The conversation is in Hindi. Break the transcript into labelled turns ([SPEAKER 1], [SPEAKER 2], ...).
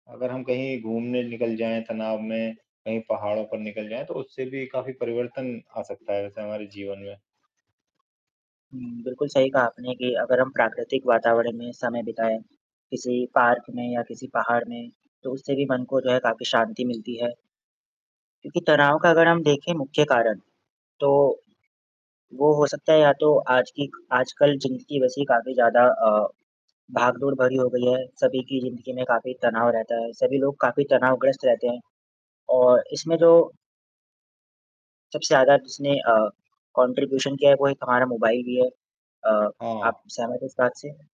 [SPEAKER 1] अगर हम कहीं घूमने निकल जाएँ, तनाव में, कहीं पहाड़ों पर निकल जाएँ, तो उससे भी काफ़ी परिवर्तन आ सकता है वैसे हमारे जीवन में।
[SPEAKER 2] हुँ, बिल्कुल सही कहा आपने कि अगर हम प्राकृतिक वातावरण में समय बिताएँ। किसी पार्क में या किसी पहाड़ में। तो उससे भी मन को जो है काफ़ी शांति मिलती है। क्योंकि तनाव का अगर हम देखें मुख्य, कारण तो वो हो सकता है या तो आज की आजकल जिंदगी वैसी काफ़ी ज़्यादा अ, भागदौड़ भरी हो गई है। सभी की ज़िंदगी में काफ़ी तनाव रहता है। सभी लोग काफ़ी तनावग्रस्त रहते हैं और इसमें जो सबसे ज़्यादा जिसने अ, कॉन्ट्रीब्यूशन क्या है कोई हमारा मोबाइल ही है। अ, आप
[SPEAKER 1] हाँ।
[SPEAKER 2] सहमत हैं इस बात से?